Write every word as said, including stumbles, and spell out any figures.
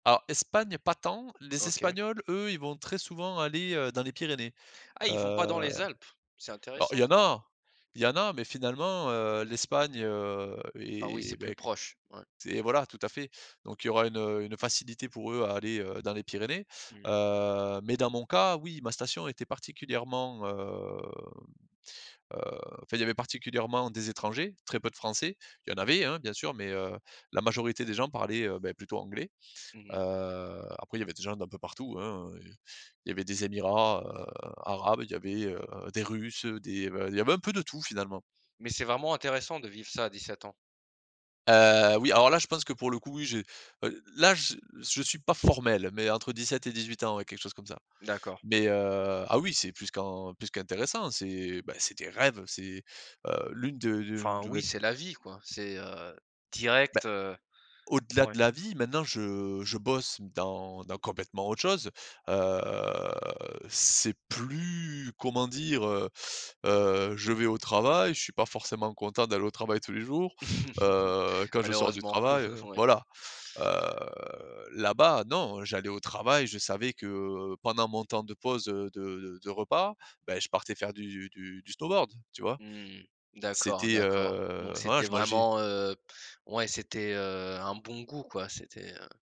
Alors Espagne, pas tant! Les OK. Espagnols, eux, ils vont très souvent aller, heu, dans les Pyrénées. Ah, Heu, ils vont pas dans les Alpes? C'est alors il intéressant y en ça! a. Il y en a mais finalement, heu, l'Espagne, heu Ah oui, c'est et plus beh qu proche. Ouais. c'est voilà, tout à fait. Donc il y aura une, heu, une facilité pour eux à aller, heu, dans les Pyrénées. Mmh mh. Heu, mais dans mon cas, oui ma station était particulièrement, hem, heu, enfin il y avait particulièrement des étrangers. Très peu de Français, Il y en avait, hein, bien sûr, mais, heu, la majorité des gens parlaient, heu, beh, plutôt anglais. Mmh Heu, mh. après il y avait des gens d'un peu partout hein, heu, il y avait des Emirats, heu, arabes. Il y avait, heu, des Russes des, heu, bah, il y avait un peu de tout finalement! Mais c'est vraiment intéressant de vivre ça à dix sept ans. Heu, oui alors là je pense que pour le coup, oui, je, heu, là je je suis pas formel, mais entre dix sept et dix huit ans ouais, quelque chose comme ça. D'accord. Mais, heu, ah oui, c'est plus qu'en plus qu'intéressant, c'est bah c'est des rêves! C'est heu, l'une de de Enfin de oui, mes p c'est la vie quoi! C'est, heu, Beh, direct, heu, au-delà de ouais. la vie, maintenant je je bosse dans dans complètement autre chose, heu. C'est plus, comment dire, heu? Heu, je vais au travail, je suis pas forcément content d'aller au travail tous les jours. Heu, quand je sors du Malheureusement, travail, heu. ouais. Voilà, heu, là-bas non, j'allais au travail, je savais que, heu, pendant mon temps de pause, heu, de de de repas. Bah, je partais faire du du du snowboard, tu vois? Mmh, d'accord, C'était, d'accord. Donc heu, voilà, c'était je mangeais vraiment, heu, ouais, c'était, heu, un bon goût quoi, c'était, heu.